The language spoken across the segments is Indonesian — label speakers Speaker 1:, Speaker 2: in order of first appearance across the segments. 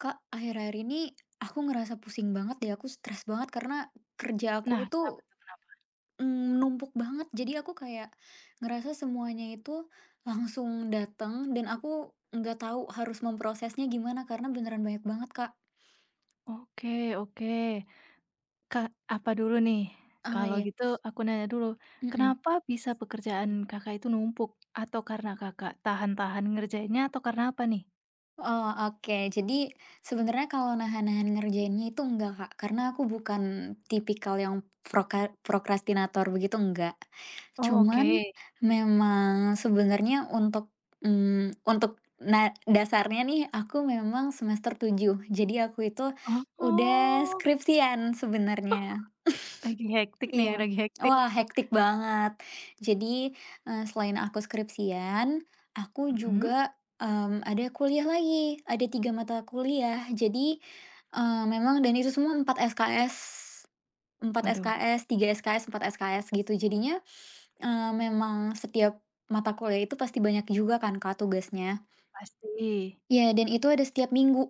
Speaker 1: Kak, akhir-akhir ini aku ngerasa pusing banget deh. Aku stress banget karena kerja aku
Speaker 2: Nah, kenapa
Speaker 1: itu,
Speaker 2: tuh, kenapa?
Speaker 1: mmm, numpuk banget. Jadi aku kayak ngerasa semuanya itu langsung datang dan aku nggak tahu harus memprosesnya gimana karena beneran banyak banget, Kak.
Speaker 2: Oke oke. Kak, apa dulu nih?
Speaker 1: Oh,
Speaker 2: Kalau
Speaker 1: iya.
Speaker 2: gitu aku nanya dulu.
Speaker 1: Mhm. Hmm.
Speaker 2: Kenapa bisa pekerjaan, Kakak, itu numpuk? Atau karena, Kakak, tahan-tahan ngerjainnya atau karena apa nih?
Speaker 1: Oh, oke. Jadi sebenarnya kalau nahan-nahan ngerjainnya itu enggak, Kak. Karena aku bukan tipikal yang proka prokrastinator begitu, enggak.
Speaker 2: Oh,
Speaker 1: Cuman
Speaker 2: oke.
Speaker 1: memang sebenarnya untuk, mmm, untuk na dasarnya nih, aku memang semester 7 jadi aku itu udah
Speaker 2: Oh.
Speaker 1: skripsian
Speaker 2: Oh!
Speaker 1: sebenarnya,
Speaker 2: Lagi hectic nih,
Speaker 1: iya.
Speaker 2: lagi hectic.
Speaker 1: Wah, hectic banget. Jadi, eee, selain aku skripsian aku
Speaker 2: Mhm.
Speaker 1: juga, mmm, ada kuliah lagi. Ada 3 mata kuliah. Jadi, eee, memang dan itu semua 4 SKS. 4
Speaker 2: Waduh.
Speaker 1: SKS, 3 SKS, 4 SKS gitu. Jadinya, eee, memang setiap mata kuliah itu pasti banyak juga kan, Kak, tugasnya.
Speaker 2: Pasti.
Speaker 1: Ya, dan itu ada setiap minggu.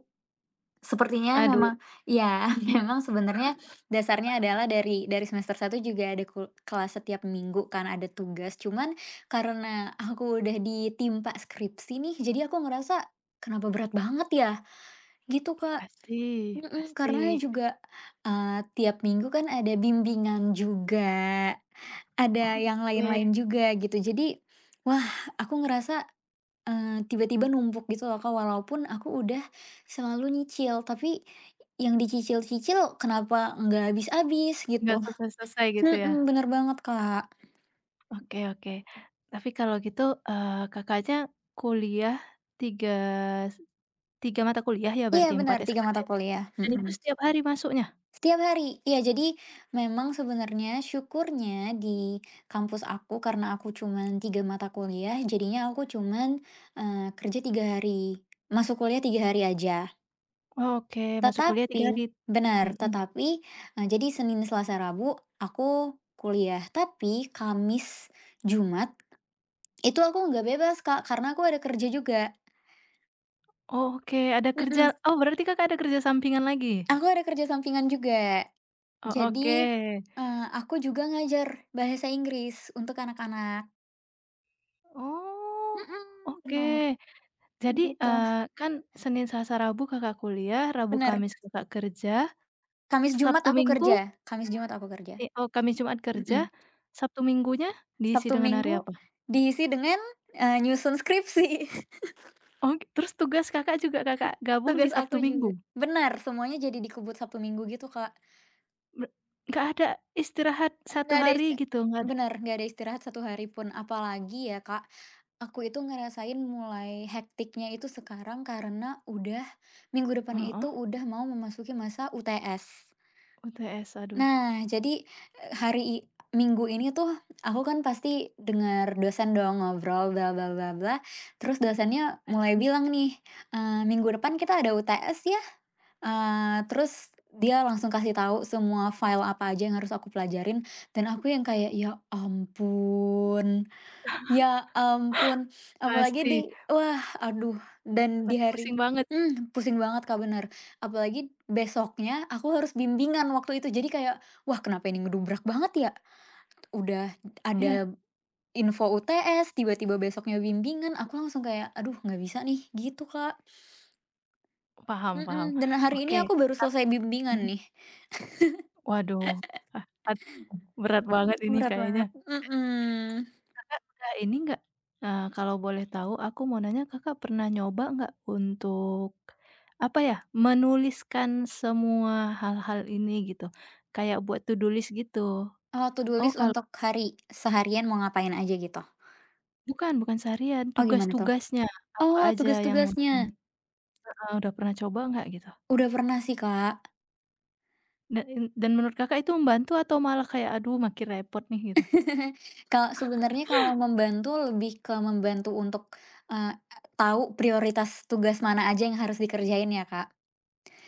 Speaker 1: Sepertinya
Speaker 2: Aduh.
Speaker 1: memang ya memang sebenarnya dasarnya adalah dari dari semester 1 juga ada kul kelas setiap minggu kan ada tugas. Cuman karena aku udah ditimpa skripsi nih jadi aku ngerasa, "Kenapa berat banget ya?" Gitu, Kak,
Speaker 2: Pasti
Speaker 1: mhm.
Speaker 2: pasti.
Speaker 1: Karena juga, eee, tiap minggu kan ada bimbingan juga. Ada yang
Speaker 2: Oke.
Speaker 1: lain-lain juga, gitu. Jadi, wah, aku ngerasa, eee, tiba-tiba numpuk gitu loh, Kak. Walaupun aku udah selalu nyicil tapi yang dicicil-cicil kenapa nggak habis-habis,
Speaker 2: Nggak
Speaker 1: gitu.
Speaker 2: selesai-selesai, gitu ya?
Speaker 1: Mhm, bener banget, Kak.
Speaker 2: Oke oke. Tapi kalau gitu, eee, Kakak, aja kuliah tiga tiga mata kuliah ya,
Speaker 1: Iya,
Speaker 2: berarti 4
Speaker 1: bener 3 mata
Speaker 2: SKS
Speaker 1: kuliah,
Speaker 2: dan itu
Speaker 1: mhm.
Speaker 2: setiap hari masuknya?
Speaker 1: Setiap hari. Iya, jadi memang sebenarnya, syukurnya, di kampus aku karena aku cuman 3 mata kuliah jadinya aku cuman, eee, kerja 3 hari masuk kuliah 3 hari aja.
Speaker 2: Oke, masuk kuliah 3 hari,
Speaker 1: Tetapi benar.
Speaker 2: mhm.
Speaker 1: Tetapi, eee, jadi Senin, Selasa, Rabu aku kuliah. Tapi Kamis, Jumat itu aku nggak bebas Kak, karena aku ada kerja juga.
Speaker 2: Oke ada kerja
Speaker 1: Mhm.
Speaker 2: oh berarti Kakak ada kerja sampingan lagi?
Speaker 1: Aku ada kerja sampingan juga.
Speaker 2: Oh,
Speaker 1: Jadi,
Speaker 2: oke.
Speaker 1: eee, aku juga ngajar bahasa Inggris untuk anak-anak.
Speaker 2: Oh
Speaker 1: Mhm,
Speaker 2: oke.
Speaker 1: benar.
Speaker 2: Jadi, eee,
Speaker 1: Gitulah.
Speaker 2: kan Senin, Selasa, Rabu Kakak kuliah, Rabu,
Speaker 1: Bener.
Speaker 2: Kamis Kakak kerja,
Speaker 1: Kamis, Jumat
Speaker 2: Sabtu,
Speaker 1: aku
Speaker 2: Minggu?
Speaker 1: kerja Kamis, Jumat aku kerja.
Speaker 2: E o Kamis, Jumat
Speaker 1: Mhm.
Speaker 2: kerja. Sabtu Minggunya diisi
Speaker 1: Sabtu,
Speaker 2: dengan hari
Speaker 1: Minggu
Speaker 2: apa?
Speaker 1: diisi dengan, eee, nyusun skripsi.
Speaker 2: Ok terus tugas Kakak juga Kakak gabung di
Speaker 1: Tugas
Speaker 2: Sabtu
Speaker 1: aku juga
Speaker 2: Minggu?
Speaker 1: bener semuanya jadi dikebut Sabtu, Minggu gitu Kak.
Speaker 2: Nggak ada istirahat 1
Speaker 1: Nggak ada
Speaker 2: hari
Speaker 1: istir
Speaker 2: gitu? Nggak ada?
Speaker 1: bener nggak ada istirahat 1 hari pun. Apalagi ya Kak, aku itu ngerasain mulai hectic-nya itu sekarang karena udah minggu depan
Speaker 2: Heeh.
Speaker 1: itu udah mau memasuki masa UTS.
Speaker 2: UTS, aduh.
Speaker 1: Nah, jadi, e hari i Minggu ini tuh aku kan pasti dengar dosen dong ngobrol bla bla bla bla. Terus dosennya mulai
Speaker 2: Pasti.
Speaker 1: bilang nih, eee, "Minggu depan kita ada UTS ya." Eee, terus dia langsung kasih tahu semua file apa aja yang harus aku pelajarin dan aku yang kayak, "ya ampun. Ya ampun!" Apalagi di
Speaker 2: Pasti.
Speaker 1: wah aduh dan di
Speaker 2: Pasti
Speaker 1: hari
Speaker 2: pusing banget sih.
Speaker 1: mhm, pusing banget Kak bener. Apalagi besoknya aku harus bimbingan waktu itu. Jadi kayak, "Wah kenapa ini ngedubrak banget ya?" Udah
Speaker 2: Iya.
Speaker 1: ada info UTS, tiba-tiba besoknya bimbingan aku langsung kayak, "Aduh nggak bisa nih," gitu Kak.
Speaker 2: Paham paham.
Speaker 1: Mhm, dan hari ini
Speaker 2: Oke
Speaker 1: aku baru
Speaker 2: tap
Speaker 1: selesai bimbingan
Speaker 2: mhm.
Speaker 1: nih.
Speaker 2: Waduh. Eh, pat berat banget ini
Speaker 1: Berat
Speaker 2: kayaknya.
Speaker 1: banget,
Speaker 2: [unintelligible]
Speaker 1: mhm.
Speaker 2: Kakak udah ini nggak, eee, kalau boleh tahu aku mau nanya, Kakak pernah nyoba nggak untuk apa ya, menuliskan semua hal-hal ini gitu? Kayak buat to do list gitu.
Speaker 1: Eee, to do
Speaker 2: Oh
Speaker 1: list
Speaker 2: kal
Speaker 1: untuk hari seharian mau ngapain aja gitu?
Speaker 2: Bukan, bukan seharian.
Speaker 1: Oh gimana tuh?
Speaker 2: Tugas-tugasnya apa
Speaker 1: Oh
Speaker 2: aja yang udah ini
Speaker 1: tugas-tugasnya.
Speaker 2: heeh, udah pernah coba nggak gitu?
Speaker 1: Udah pernah sih Kak.
Speaker 2: Dan in dan menurut Kakak itu membantu atau malah kayak, "Aduh makin repot nih," gitu?
Speaker 1: Kalau sebenarnya kalau membantu lebih ke membantu untuk, eee, tahu prioritas tugas mana aja yang harus dikerjain ya Kak.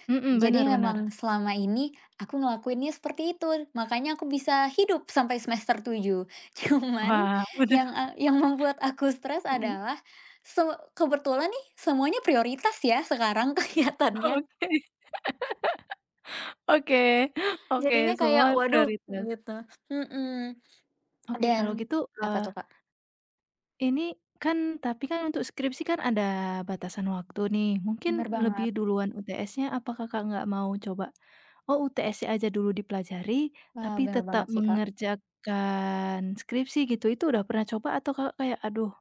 Speaker 2: Mhm, bener
Speaker 1: Jadi
Speaker 2: bener.
Speaker 1: memang selama ini aku ngelakuinnya seperti itu. Makanya aku bisa hidup sampai semester 7. Cuman
Speaker 2: Wah benar.
Speaker 1: yang a yang membuat aku stres
Speaker 2: Mhm.
Speaker 1: adalah se kebetulan nih semuanya prioritas ya sekarang
Speaker 2: Oke.
Speaker 1: kelihatannya.
Speaker 2: Oke, oke
Speaker 1: Jadinya kayak,
Speaker 2: semua
Speaker 1: waduh mhm,
Speaker 2: prioritas.
Speaker 1: gitu. Mhm.
Speaker 2: Oke
Speaker 1: Dan
Speaker 2: kalau gitu,
Speaker 1: apa tuh
Speaker 2: eee
Speaker 1: Kak?
Speaker 2: ini kan tapi kan untuk skripsi kan ada batasan waktu nih, mungkin
Speaker 1: Bener banget.
Speaker 2: lebih duluan UTS-nya, apa Kakak nggak mau coba, oh UTS aja dulu dipelajari
Speaker 1: Wah,
Speaker 2: tapi
Speaker 1: bener
Speaker 2: tetap
Speaker 1: banget sih Kak.
Speaker 2: mengerjakan skripsi gitu. Itu udah pernah coba atau Kakak kayak, "Aduh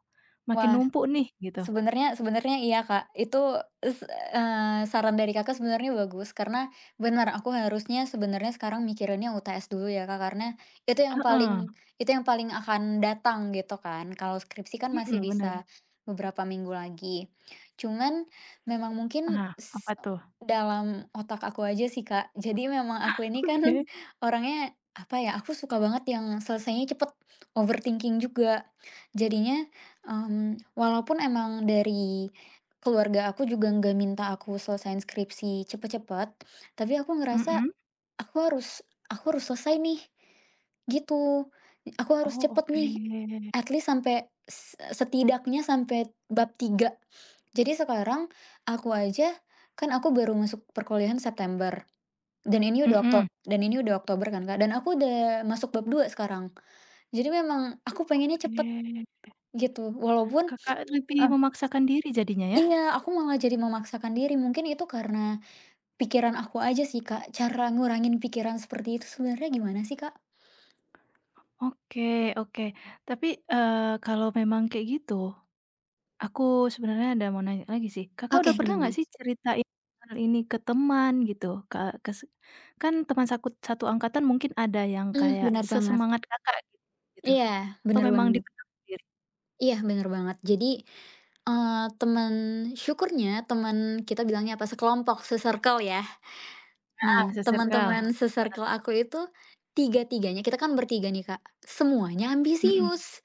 Speaker 2: makin
Speaker 1: Wah,
Speaker 2: numpuk nih," gitu?
Speaker 1: sebenarnya sebenarnya iya Kak. Itu s eee, saran dari Kakak sebenarnya bagus, karena bener aku harusnya sebenarnya sekarang mikirinnya UTS dulu ya Kak. Karena itu yang
Speaker 2: Heeh.
Speaker 1: paling itu yang paling akan datang gitu kan. Kalau skripsi kan masih
Speaker 2: Mhm, bener.
Speaker 1: bisa beberapa minggu lagi. Cuman memang mungkin
Speaker 2: Ah,
Speaker 1: s
Speaker 2: apa tuh?
Speaker 1: dalam otak aku aja sih Kak. Jadi memang
Speaker 2: Ah,
Speaker 1: aku ini kan
Speaker 2: Oke.
Speaker 1: orangnya apa ya, aku suka banget yang selesainya cepet, overthinking juga. Jadinya, mmm, walaupun emang dari keluarga aku juga nggak minta aku selesaiin skripsi cepet-cepet, tapi aku ngerasa,
Speaker 2: Mhm.
Speaker 1: "Aku harus aku harus selesai nih," gitu. Aku harus
Speaker 2: Oh,
Speaker 1: cepet nih.
Speaker 2: oke.
Speaker 1: At least sampai, s e setidaknya sampai bab 3. Jadi sekarang aku aja kan aku baru masuk perkuliahan September, dan ini udah okto
Speaker 2: Mhm.
Speaker 1: dan ini udah Oktober kan Kak, dan aku udah masuk bab 2 sekarang. Jadi memang aku pengennya cepet
Speaker 2: Oke.
Speaker 1: gitu walaupun
Speaker 2: Kakak lebih
Speaker 1: eh
Speaker 2: memaksakan diri jadinya ya?
Speaker 1: Iya, aku malah jadi memaksakan diri. Mungkin itu karena pikiran aku aja sih Kak. Cara ngurangin pikiran seperti itu sebenarnya gimana sih Kak?
Speaker 2: Oke oke. Tapi, eee, kalau memang kayak gitu aku sebenarnya ada mau nanya lagi sih. Kakak
Speaker 1: Oke,
Speaker 2: udah pernah gak
Speaker 1: gimana?
Speaker 2: sih ceritain hal ini ke teman gitu? Ke kes kan teman sakut satu angkatan mungkin ada yang
Speaker 1: Mmm,
Speaker 2: kayak
Speaker 1: benar banget.
Speaker 2: sesemangat Kakak git gitu?
Speaker 1: Iya
Speaker 2: Atau
Speaker 1: benar
Speaker 2: memang
Speaker 1: banget.
Speaker 2: dipendam sendiri?
Speaker 1: Iya, benar banget. Jadi, eee, temen syukurnya temen kita bilangnya, apa, sekelompok, se-circle ya.
Speaker 2: Ah hah,
Speaker 1: Nah,
Speaker 2: se-circle.
Speaker 1: teman-teman
Speaker 2: Gimana?
Speaker 1: se-circle aku itu tiga-tiganya kita kan bertiga nih Kak, semuanya
Speaker 2: Mhm.
Speaker 1: ambisius.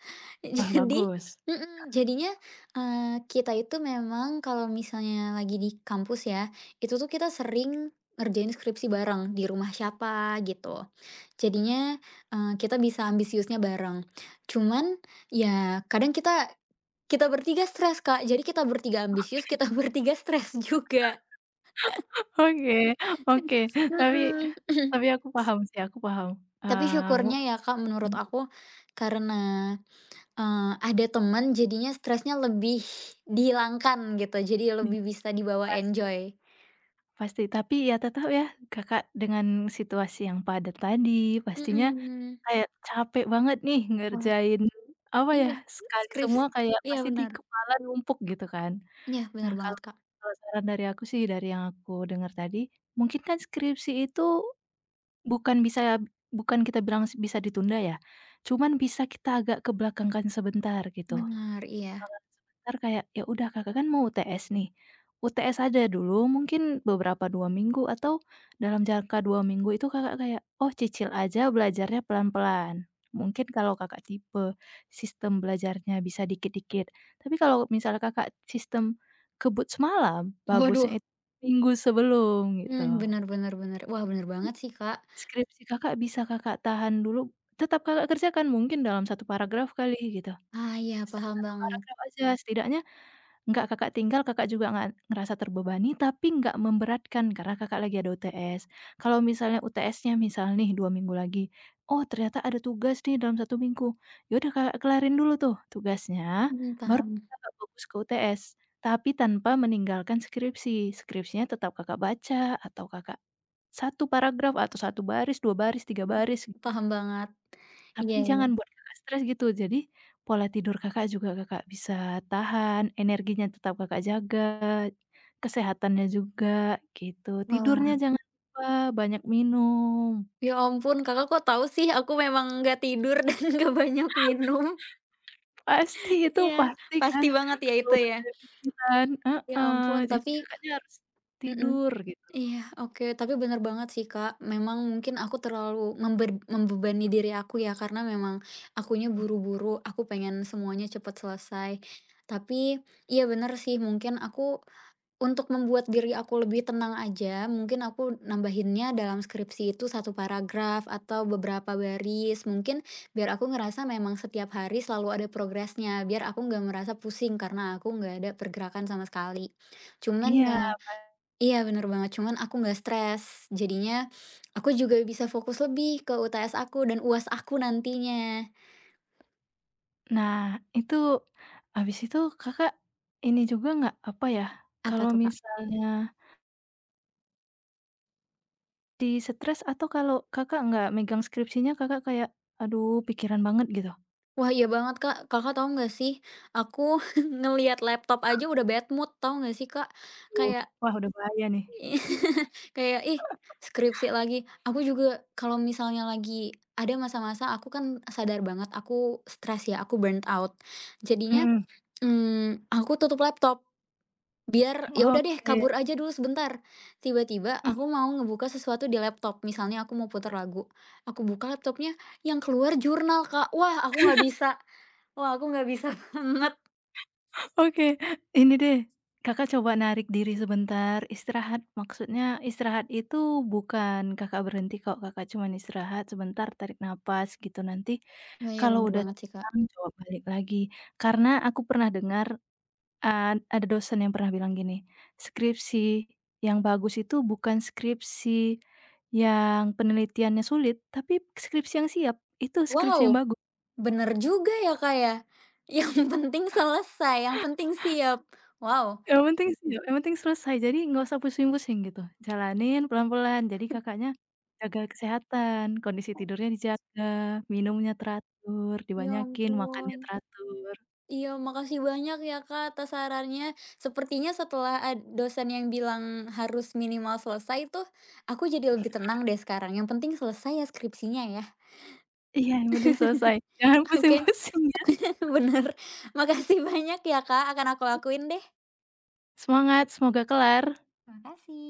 Speaker 2: Wah,
Speaker 1: Jadi,
Speaker 2: bagus.
Speaker 1: mhm. Jadinya, eee, kita itu memang kalau misalnya lagi di kampus ya, itu tuh kita sering ngerjain skripsi bareng, di rumah siapa, gitu. Jadinya, eee, kita bisa ambisiusnya bareng. Cuman ya kadang kita kita bertiga stres, Kak. Jadi kita bertiga ambisius,
Speaker 2: Oke.
Speaker 1: kita bertiga stres juga.
Speaker 2: oke oke. Tapi
Speaker 1: Bener, mhm.
Speaker 2: tapi aku paham sih, aku paham.
Speaker 1: Tapi
Speaker 2: Eee, mu
Speaker 1: syukurnya ya, Kak, menurut
Speaker 2: hmm.
Speaker 1: aku karena, eee, ada temen, jadinya stresnya lebih dihilangkan, gitu. Jadi
Speaker 2: I
Speaker 1: lebih bisa dibawa
Speaker 2: pasti.
Speaker 1: enjoy.
Speaker 2: Pasti, tapi ya tetap ya, Kakak dengan situasi yang padat tadi, pastinya
Speaker 1: Mhm.
Speaker 2: kayak capek banget nih
Speaker 1: Was
Speaker 2: ngerjain, apa ya,
Speaker 1: iya,
Speaker 2: sekali
Speaker 1: skripsi,
Speaker 2: semua kayak
Speaker 1: iya,
Speaker 2: pasti di
Speaker 1: benar.
Speaker 2: kepala numpuk, gitu kan.
Speaker 1: Iya, benar
Speaker 2: Nah, kalau
Speaker 1: banget, Kak.
Speaker 2: kalau saran dari aku sih dari yang aku dengar tadi, mungkin kan skripsi itu bukan bisa, bukan kita bilang bisa ditunda ya, cuman bisa kita agak kebelakangkan sebentar, gitu.
Speaker 1: Bener, iya.
Speaker 2: Belakang sebentar kayak, ya udah kakak kan mau UTS nih. UTS aja dulu mungkin beberapa 2 minggu atau dalam jangka 2 minggu itu Kakak kayak, "Oh cicil aja belajarnya pelan-pelan." Mungkin kalau Kakak tipe sistem belajarnya bisa dikit-dikit. Tapi kalau misalnya Kakak sistem kebut semalam,
Speaker 1: Waduh.
Speaker 2: bagusnya it minggu sebelum,
Speaker 1: Hmm,
Speaker 2: gitu.
Speaker 1: benar benar benar. Wah, benar banget sih, Kak.
Speaker 2: Skripsi Kakak bisa Kakak tahan dulu, tetap Kakak kerjakan, mungkin dalam 1 paragraf kali, gitu.
Speaker 1: Ah iya, paham
Speaker 2: 1
Speaker 1: banget.
Speaker 2: paragraf aja, setidaknya gak Kakak tinggal Kakak juga nga ngerasa terbebani tapi gak memberatkan karena Kakak lagi ada UTS. Kalau misalnya UTS-nya misal nih 2 minggu lagi, "Oh ternyata ada tugas nih dalam 1 minggu." Ya udah Kakak kelarin dulu tuh tugasnya,
Speaker 1: Mhm,
Speaker 2: baru
Speaker 1: paham.
Speaker 2: Kakak fokus ke UTS, tapi tanpa meninggalkan skripsi. Skripsinya tetap Kakak baca atau Kakak 1 paragraf atau 1 baris, 2 baris, 3 baris.
Speaker 1: Mmm, paham banget.
Speaker 2: Tapi
Speaker 1: Iya iya.
Speaker 2: jangan buat Kakak stres, gitu. Jadi, pola tidur Kakak juga Kakak bisa tahan, energinya tetap Kakak jaga, kesehatannya juga, gitu. Tidurnya
Speaker 1: Wah.
Speaker 2: jangan lupa, banyak minum.
Speaker 1: Ya ampun. Kakak kok tahu sih aku memang nggak tidur dan nggak banyak minum.
Speaker 2: Pasti itu,
Speaker 1: iya,
Speaker 2: pasti kan
Speaker 1: pasti banget ya,
Speaker 2: kalau
Speaker 1: itu,
Speaker 2: udah
Speaker 1: ya.
Speaker 2: banyak pikiran,
Speaker 1: Ya
Speaker 2: heeh.
Speaker 1: ampun,
Speaker 2: Jadi
Speaker 1: tapi
Speaker 2: Kakaknya harus
Speaker 1: mhm,
Speaker 2: tidur, gitu.
Speaker 1: iya, oke. Tapi bener banget sih, Kak. Memang mungkin aku terlalu member membebani diri aku ya, karena memang akunya
Speaker 2: M
Speaker 1: buru-buru. Aku pengen semuanya cepat selesai. Tapi, iya, bener sih, mungkin aku untuk membuat diri aku lebih tenang aja, mungkin aku nambahinnya dalam skripsi itu 1 paragraf atau beberapa baris. Mungkin, biar aku ngerasa memang setiap hari selalu ada progresnya. Biar aku nggak merasa pusing karena aku nggak ada pergerakan sama sekali. Cuman
Speaker 2: Iya,
Speaker 1: ya
Speaker 2: pa
Speaker 1: iya, bener banget. Cuman aku nggak stres, jadinya aku juga bisa fokus lebih ke UTS aku dan UAS aku nantinya.
Speaker 2: Nah, itu habis itu Kakak ini juga gak, apa ya,
Speaker 1: Apa
Speaker 2: kalau
Speaker 1: tuh, Kak?
Speaker 2: misalnya Di stres atau kalau, Kakak, nggak megang skripsinya, Kakak, kayak aduh pikiran banget gitu?
Speaker 1: Wah iya banget, Kak. Kakak, tahu nggak sih aku ngeliat laptop
Speaker 2: Hmm.
Speaker 1: aja udah bad mood tahu nggak sih, Kak.
Speaker 2: Waduh,
Speaker 1: Kayak
Speaker 2: wah udah bahaya nih.
Speaker 1: kayak ih skripsi lagi. Aku juga kalau misalnya lagi ada masa-masa aku kan sadar banget aku stres ya, aku burnout. Jadinya,
Speaker 2: Mhm.
Speaker 1: mmm, aku tutup laptop biar ya udah deh
Speaker 2: Oke.
Speaker 1: kabur aja dulu sebentar. Tiba-tiba
Speaker 2: Mmm.
Speaker 1: aku mau ngebuka sesuatu di laptop. Misalnya aku mau putar lagu. Aku buka laptopnya yang keluar jurnal, Kak. Wah aku nggak bisa. Wah aku nggak bisa banget.
Speaker 2: Oke, ini deh, Kakak, coba narik diri sebentar istirahat. Maksudnya istirahat itu bukan, Kakak, berhenti kok, Kakak, cuman istirahat sebentar tarik napas gitu nanti,
Speaker 1: Oh iya
Speaker 2: kalau
Speaker 1: benar
Speaker 2: udah
Speaker 1: banget sih, Kak.
Speaker 2: tenang coba balik lagi. Karena aku pernah dengar, eee, ada dosen yang pernah bilang gini, "Skripsi yang bagus itu bukan skripsi yang penelitiannya sulit, tapi skripsi yang siap, itu skripsi yang
Speaker 1: Wow!
Speaker 2: bagus."
Speaker 1: Benar juga ya, Kak, ya. Yang penting selesai, yang penting siap. Wow!
Speaker 2: Yang penting sia yang penting selesai jadi nggak usah pusing-pusing gitu. Jalanin pelan-pelan jadi, Kakaknya, jaga kesehatan kondisi
Speaker 1: Oke.
Speaker 2: tidurnya dijaga, minumnya teratur,
Speaker 1: Ya
Speaker 2: dibanyakin makannya
Speaker 1: ampun.
Speaker 2: teratur.
Speaker 1: Iya makasih banyak ya, Kak, atas sarannya. Sepertinya setelah, a dosen yang bilang harus minimal selesai tuh aku jadi lebih tenang deh sekarang. Yang penting selesai ya skripsinya ya.
Speaker 2: Iya yang penting selesai jangan
Speaker 1: Oke.
Speaker 2: pusing-pusing ya.
Speaker 1: Benar. Makasih banyak ya, Kak. Akan aku
Speaker 2: E
Speaker 1: lakuin deh.
Speaker 2: Semangat semoga kelar.
Speaker 1: Makasih.